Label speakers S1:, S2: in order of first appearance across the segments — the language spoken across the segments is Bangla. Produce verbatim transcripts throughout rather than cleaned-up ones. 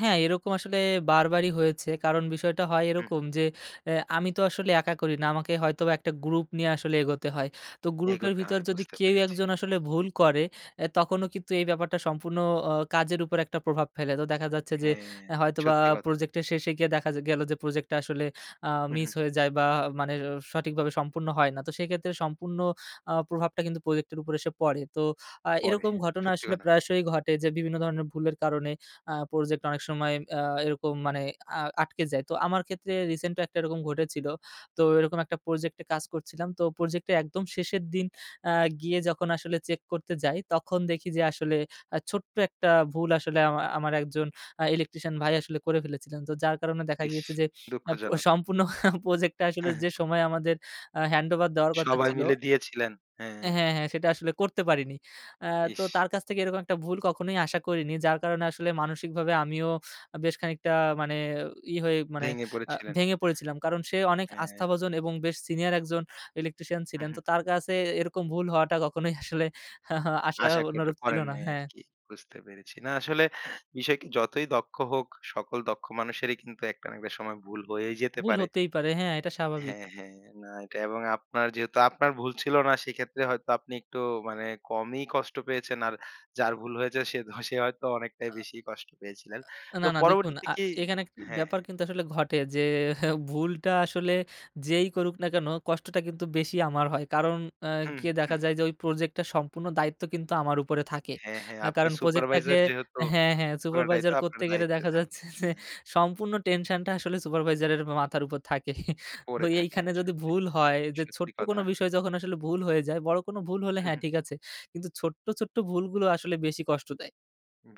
S1: হ্যাঁ, এরকম আসলে বারবারই হয়েছে কারণ বিষয়টা হয়
S2: হু।
S1: এরকম যে, এ আমি তো আসলে একা করি না, আমাকে হয়তোবা এক টা গ্রুপ নিয়ে আসলে এগোতে হয়। তো গ্রুপের
S2: এগোতে
S1: ভিতর
S2: হয়
S1: যদি
S2: বুঝতে
S1: কেউ
S2: পেরেছি।
S1: একজন আসলে ভুল করে, আ তখনও কিন্তু এই ব্যাপারটা সম্পূর্ণ অ কাজের উপর একটা প্রভাব ফেলে। তো দেখা যাচ্ছে যে,
S2: হ্যাঁ,
S1: হয়তোবা
S2: সত্যি কথা।
S1: প্রজেক্টের শেষে গিয়ে দেখা গেলো যে, প্রোজেক্টটা আসলে আ
S2: হু,
S1: মিস
S2: হু।
S1: হয়ে যায় বা মানে সঠিকভাবে সম্পূর্ণ হয় না। তো সেক্ষেত্রে সম্পূর্ণ আ প্রভাবটা কিন্তু প্রোজেক্টের উপর এসে পড়ে। তো আ
S2: পরে।
S1: এরকম ঘটনা
S2: সত্যি
S1: আসলে
S2: কথা।
S1: প্রায়শই ঘটে যে, বিভিন্ন ধরনের ভুলের কারণে আ প্রজেক্ট অনেক সময় আ এরকম মানে আ আটকে যায়। তো আমার ক্ষেত্রে রিসেন্ট একটা এরকম ঘটেছিল। তো এরকম এক টা প্রজেক্টে কাজ করছিলাম। তো প্রজেক্টে, একদম শেষের দিন আ গিয়ে যখন আসলে চেক করতে যাই, তখন দেখি যে আসলে আ ছোট্ট একটা ভুল আসলে আমার, আমার এক জন আ ইলেকট্রিশিয়ান ভাই আসলে করে ফেলেছিলেন। তো যার কারণে দেখা
S2: ইশ!
S1: গিয়েছে যে, আ প
S2: দুঃখজনক!
S1: সম্পূর্ণ প্রজেক্ট টা আসলে
S2: হ্যাঁ, হ্যাঁ।
S1: যে সময়, আমাদের আ হ্যান্ডওভার দেওয়ার কথা
S2: সবাই
S1: ছিল
S2: মিলে দিয়েছিলেন, হ্যাঁ।
S1: হ্যাঁ, হ্যাঁ, হ্যাঁ সেটা আসলে করতে পারিনি। আ তো
S2: ইশ!
S1: তার কাছ থেকে এরকম একটা ভুল কখনোই আশা করিনি, যার কারণে আসলে মানসিকভাবে আমিও আ বেশ খানিকটা মানে ইয়ে হয়ে, মানে
S2: ভেঙে
S1: আ
S2: পড়েছিলেন।
S1: ভেঙে পড়েছিলাম, কারণ সে অনেক
S2: হ্যাঁ।
S1: আস্থাভজন এবং বেশ সিনিয়র একজন ইলেকট্রিশিয়ান
S2: হু,
S1: ছিলেন, তো
S2: হু।
S1: তার কাছে এরকম ভুল হওয়াটা কখনোই আসলে আশা
S2: আশা কেউ টা
S1: অনুরূপ ছিল
S2: করেন
S1: না,
S2: নাই
S1: হ্যাঁ।
S2: আরকি বুঝতে পেরেছি। না। আসলে বিষয়কে যতই দক্ষ হোক, সকল দক্ষ মানুষেরই কিন্তু একটা না একটা সময় ভুল হয়েই যেতে
S1: ভুল
S2: পারে।
S1: হতেই পারে, হ্যাঁ এটা স্বাভাবিক।
S2: হ্যাঁ, হ্যাঁ, না এটা এবং আপনার যেহেতু আপনার ভুল ছিল না সেক্ষেত্রে হয়তো আপনি একটু মানে কমই কষ্ট পেয়েছেন। আর যার ভুল হয়েছে সে হ সে হয়তো
S1: অ
S2: অনেকটাই বেশি কষ্ট পেয়েছিলেন।
S1: আ
S2: তো
S1: না, না দেখুন
S2: পরবর্তীতে
S1: আ
S2: কি
S1: সেখানে
S2: হ্যাঁ,
S1: ব্যাপার
S2: হ্যাঁ।
S1: কিন্তু আসলে ঘটে যে ভুলটা আসলে যেই করুক না কেন, কষ্টটা কিন্তু বেশি আমার হয়। কারণ আ
S2: হুম।
S1: কি দেখা যায় যে, ওই প্রজেক্ট টা সম্পূর্ণ দায়িত্ব কিন্তু আমার উপরে থাকে।
S2: হ্যাঁ, হ্যাঁ,
S1: আ
S2: আপনি
S1: কারণ প্রজেক্টটাকে
S2: সুপারভাইজার যেহেতু
S1: হ্যাঁ, হ্যাঁ,
S2: পুরাটাই
S1: সুপারভাইজার
S2: তো আপনার
S1: করতে গেলে
S2: দায়িত্বে
S1: দেখা
S2: থাকে।
S1: যাচ্ছে যে,
S2: হ্যাঁ।
S1: সম্পূর্ণ টেনশনটা আসলে সুপারভাইজারের মাথার উপর থাকে।
S2: পড়ে থাকে।
S1: এইখানে যদি
S2: সত্যি
S1: ভুল হয় যে
S2: সত্যি
S1: ছোট্ট কোন
S2: কথা।
S1: বিষয় যখন আসলে ভুল হয়ে যায়, বড় কোনো ভুল হলে
S2: হু,
S1: হ্যাঁ
S2: হু।
S1: ঠিক আছে। কিন্তু ছোট্ট, ছোট্ট ভুলগুলো আসলে বেশি কষ্ট দেয়।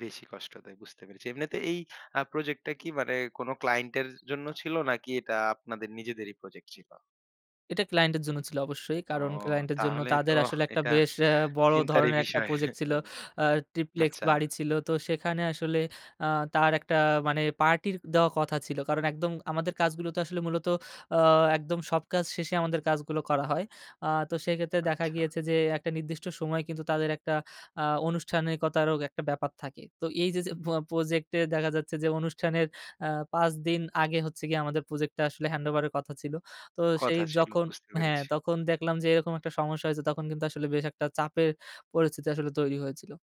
S2: বেশি কষ্ট দেয় বুঝতে পেরেছি। এমনিতে এই আ প্রজেক্ট টা কি মানে কোন ক্লায়েন্টের জন্য ছিল নাকি এটা আপনাদের নিজেদেরই প্রজেক্ট ছিল?
S1: এটা ক্লায়েন্ট এর জন্য ছিল অবশ্যই।
S2: ও
S1: কারণ ক্লায়েন্ট এর জন্য
S2: তাহলে
S1: তাদের
S2: তো
S1: আসলে একটা
S2: এটা
S1: বেশ আ বড়
S2: চিন্তারই
S1: ধরনের এক টা
S2: বিষয়।
S1: প্রজেক্ট ছিল। আ ট্রিপ্লেক্স
S2: আচ্ছা।
S1: বাড়ি ছিল। তো সেখানে আসলে আ তার একটা মানে পার্টি দেওয়া কথা ছিল। কারণ একদম আমাদের কাজগুলো তো আসলে মূলত আ একদম সব কাজ শেষে আমাদের কাজগুলো করা হয়। আ তো সেক্ষেত্রে দেখা
S2: আচ্ছা।
S1: গিয়েছে যে, একটা নির্দিষ্ট সময় কিন্তু তাদের একটা আ অনুষ্ঠানিকতারও একটা ব্যাপার থাকে। তো এই যে, যে প প্রজেক্টে দেখা যাচ্ছে যে, অনুষ্ঠানের আ পাঁচ দিন আগে হচ্ছে গিয়ে, আমাদের প্রজেক্টটা আসলে হ্যান্ডওভারের কথা ছিল। তো সেই
S2: কথা ছিল,
S1: যখন
S2: বুঝতে
S1: হ্যাঁ,
S2: পেরেছি।
S1: তখন দেখলাম যে, এরকম একটা সমস্যা হয়েছে, তখন কিন্তু আসলে বেশ একটা চাপের পরিস্থিতি আসলে তৈরি হয়েছিল।